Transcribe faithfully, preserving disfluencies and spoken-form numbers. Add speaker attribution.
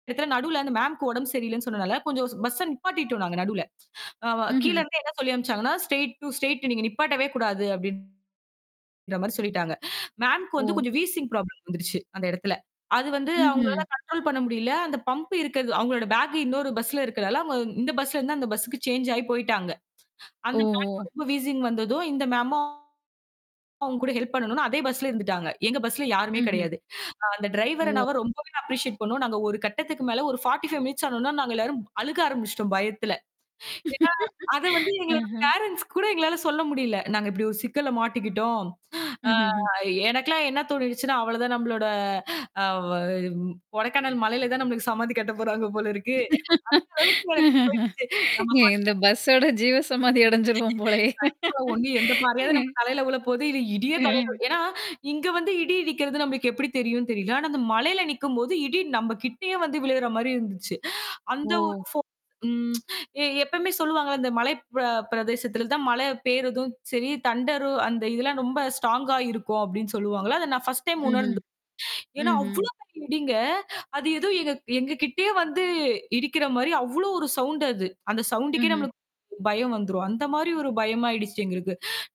Speaker 1: நேத்தலாம் நடுல அந்த மேம்க்கு உடம்பு சரியில்லைன்னு சொன்னனால கொஞ்சம் ஸ் பஸ்ஸ நிப்பாட்டிட்டோம் நாங்க நடுல. அ வா கீழ
Speaker 2: ம்ஹ்ம்.
Speaker 1: இருந்தே என்ன சொல்லி அனுப்பிச்சாங்கன்னா ஸ்டெர்ய்ட் டூ ஸ்டெரய்ட் நீங்க நிப்பாட்டவே கூடாது அப்படின்ற மாரி சொல்லிட்டாங்க. மேம்க்கு வந்து
Speaker 2: ஓ!
Speaker 1: கொஞ்சம் வீசிங் ப்ராப்ளம் வந்துருச்சு, அந்த இடத்துல. அது வந்து
Speaker 2: ம்ஹ்ம்.
Speaker 1: அவங்களால கன்ட்ரோல் பண்ண முடியல. அந்த பம்பு இருக்குறது அவங்களோட பேக்கு இன்னொரு பஸ்ல இருக்குறதால இந்த பஸ்ல இருந்து அந்த பஸ்ஸூக்கு சேஞ்ச் ஆயி போயிட்டாங்க. அந்த
Speaker 2: ஓஹோ!
Speaker 1: மேம்க்கு ரொம்ப வீசிங் வந்ததும் இந்த மேமும் அவங்க கூட ஹெல்ப் பண்ணனும்னு அதே பஸ்ல இருந்துட்டாங்க. எங்க பஸ்ல யாருமே
Speaker 2: ம்ஹ்ம்.
Speaker 1: கிடையாது. அந்த டிரைவர்
Speaker 2: ஓ!
Speaker 1: அண்ணாவ ரொம்பவே அப்ரிசியேட் பண்ணோம். நாங்க ஒரு கட்டத்துக்கு மேல ஒரு ஃபார்ட்டி ஃபைவ் மினிட்ஸ் ஆனாவொன்னே, நாங்க எல்லாரும் அழுக ஆரம்பிச்சிட்டோம், பயத்துல. ஏன்னா அத வந்து எங்களோட
Speaker 2: ஆஹ்ம்.
Speaker 1: பேரண்ட்ஸ் கூட எங்களால சொல்ல முடியல. "நாங்க இப்படி ஒரு சிக்கல்ல மாட்டிக்கிட்டோம்." ஆ
Speaker 2: ம்ஹ்ம்ஹ்ம்.
Speaker 1: எனக்கெல்லாம் என்ன தோணிடுச்சுன்னா, அவ்வளவுதான் நம்மளோட அ வ ம் "கொடைக்கானல் மலையில தான் நமக்குச் சமாதி கட்டப்போறாங்க போல இருக்கு." அந்த அளவுக்கு எனக்கு போயிருச்சு.
Speaker 2: இந்த
Speaker 1: [unintelligible]
Speaker 2: பஸ்ஸோட ஜீவசமாதி அடைஞ்சிருவோம் போலேயே!
Speaker 1: [unintelligible] எந்தப் பாறையாவது
Speaker 2: ம்.
Speaker 1: நம்ம தலையில விழப்போது, இல்ல இடியே தலையில
Speaker 2: ம்.
Speaker 1: விழப் ஏன்னா இங்க வந்து இடி இடிக்கிறது நமக்கு எப்படி தெரியும்ன்னு தெரியல. அந்த மலையில நிக்கும்போது இடி நம்ம கிட்டயே வந்து விழுகுற மாதிரி இருந்துச்சு. அந்த ஒரு
Speaker 2: ஓ!
Speaker 1: [unintelligible] ம் எப்போயுமே சொல்லுவாங்கல, இந்த மலை ப பிரதேசத்துல தான் மழை பெய்யறதும் சரி, தண்டரு அந்த இதெல்லாம் ரொம்ப ஸ்ட்ராங்கா இருக்கும் அப்படின்னு சொல்லுவாங்கல. அதை நான் ஃபர்ஸ்ட் டைம்
Speaker 2: ம்ஹ்ம்,
Speaker 1: உணர்ந்தேன். ஏன்னா
Speaker 2: ம்ஹ்ம்.
Speaker 1: அவ்வளோ இடிங்கங்க, அது ஏதோ எங்க கிட்டயே வந்து இடிக்கிற மாரி அவ்வளவு ஒரு சவுண்ட் அது. அந்த சவுண்டுக்கே
Speaker 2: ம்ஹ்ம்.
Speaker 1: நம்மளுக்கு பயம் வந்துரும். அந்த மாரி ஒரு பயமா ஆயிடுச்சு எங்களுக்கு.